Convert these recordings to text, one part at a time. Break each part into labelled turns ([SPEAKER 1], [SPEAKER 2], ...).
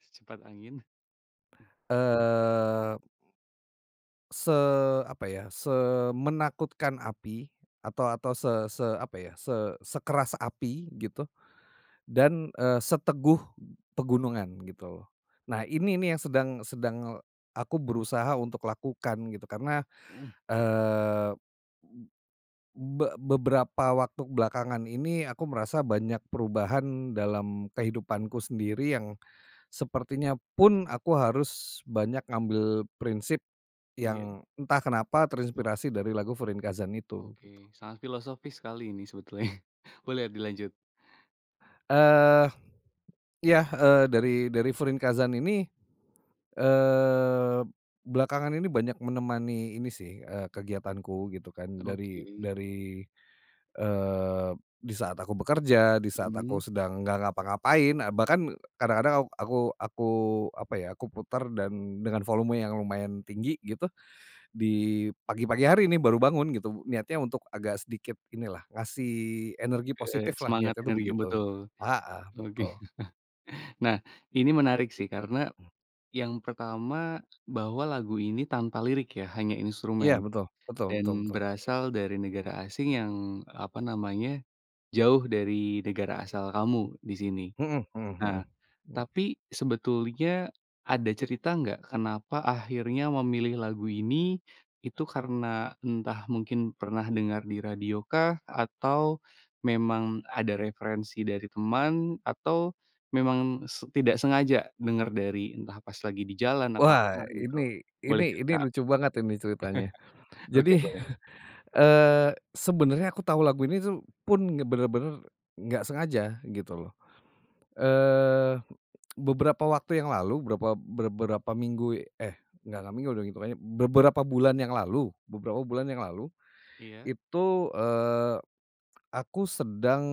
[SPEAKER 1] Secepat angin.
[SPEAKER 2] Eee. Se apa ya, semenakutkan api, atau atau se se apa ya, se sekeras api gitu, dan, eee, seteguh pegunungan, gitu loh. Nah ini nih yang sedang sedang aku berusaha untuk lakukan gitu, karena,
[SPEAKER 1] Mhm.
[SPEAKER 2] eee, be beberapa waktu belakangan ini aku merasa banyak perubahan dalam kehidupanku sendiri yang, sepertinya pun aku harus banyak ngambil prinsip,
[SPEAKER 1] Iya.
[SPEAKER 2] yang entah kenapa terinspirasi dari lagu Furinkazan itu, gitu.
[SPEAKER 1] Oke, sangat filosofis sekali ini sebetulnya. Boleh dilanjut.
[SPEAKER 2] Eee. Ya, eee, dari dari Furinkazan ini, eee, belakangan ini banyak menemani ini sih, eee, kegiatanku gitu kan, dari
[SPEAKER 1] Oke.
[SPEAKER 2] dari, eee, di saat aku bekerja, di saat aku
[SPEAKER 1] Mmm.
[SPEAKER 2] sedang nggak ngapa-ngapain, eee, bahkan kadang-kadang ak aku aku apa ya, aku putar dan, dengan volume yang lumayan tinggi, gitu, di pagi pagi hari nih baru bangun, gitu. Niatnya untuk agak sedikit inilah, ngasih energi
[SPEAKER 1] Heeh.
[SPEAKER 2] positiflah,
[SPEAKER 1] Semangat,
[SPEAKER 2] niatnya tuh
[SPEAKER 1] energi
[SPEAKER 2] begitu.
[SPEAKER 1] betul.
[SPEAKER 2] Heeh,
[SPEAKER 1] Oke.
[SPEAKER 2] betul.
[SPEAKER 1] Nah, ini menarik sih karena, yang pertama, bahwa lagu ini tanpa lirik ya, hanya
[SPEAKER 2] Iya,
[SPEAKER 1] instrumen,
[SPEAKER 2] betul. Betul betul
[SPEAKER 1] dan
[SPEAKER 2] betul.
[SPEAKER 1] berasal dari negara asing yang, apa namanya, jauh dari negara asal kamu, di sini.
[SPEAKER 2] Mhm mhm
[SPEAKER 1] Nah,
[SPEAKER 2] mhm mhm.
[SPEAKER 1] tapi sebetulnya ada cerita nggak, kenapa akhirnya memilih lagu ini, itu karena entah mungkin pernah dengar di radio kah? Atau memang ada referensi dari teman? Atau memang se tidak sengaja denger dari entah pas lagi di jalan, atau apa
[SPEAKER 2] Wah
[SPEAKER 1] gitu,
[SPEAKER 2] ini
[SPEAKER 1] boleh
[SPEAKER 2] ini ini
[SPEAKER 1] cerita?
[SPEAKER 2] lucu banget ini ceritanya.
[SPEAKER 1] Oke,
[SPEAKER 2] Jadi,
[SPEAKER 1] boleh.
[SPEAKER 2] eee, sebenarnya aku tahu lagu ini tuh pun bener-bener nggak sengaja, gitu loh. Eee, beberapa waktu yang lalu, berapa ber berapa minggu eh, enggak enggak minggu deh itungannya beberapa bulan yang lalu. Beberapa bulan yang lalu,
[SPEAKER 1] Iya.
[SPEAKER 2] itu, eee, aku sedang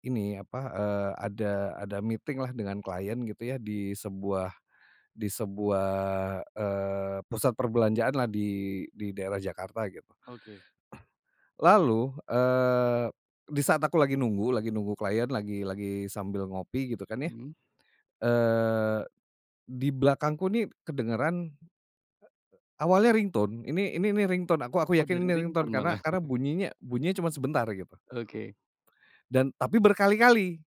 [SPEAKER 2] ini, apa, eee, ada ada meeting lah dengan klien gitu ya, di sebuah di sebuah, eee, pusat perbelanjaan lah di di daerah Jakarta, gitu.
[SPEAKER 1] Oke.
[SPEAKER 2] Lalu, eee, di saat aku lagi nunggu lagi nunggu klien lagi lagi sambil ngopi, gitu kan ya.
[SPEAKER 1] Mhm.
[SPEAKER 2] Eee, di belakangku nih kedengeran, eee, awalnya ringtone. Ini ini nih ringtone, aku aku
[SPEAKER 1] Oh,
[SPEAKER 2] yakin
[SPEAKER 1] dari
[SPEAKER 2] ini ringtone
[SPEAKER 1] ringtone
[SPEAKER 2] karena
[SPEAKER 1] malah.
[SPEAKER 2] karena bunyinya bunyinya cuma sebentar gitu.
[SPEAKER 1] Oke.
[SPEAKER 2] Dan tapi berkali-kali.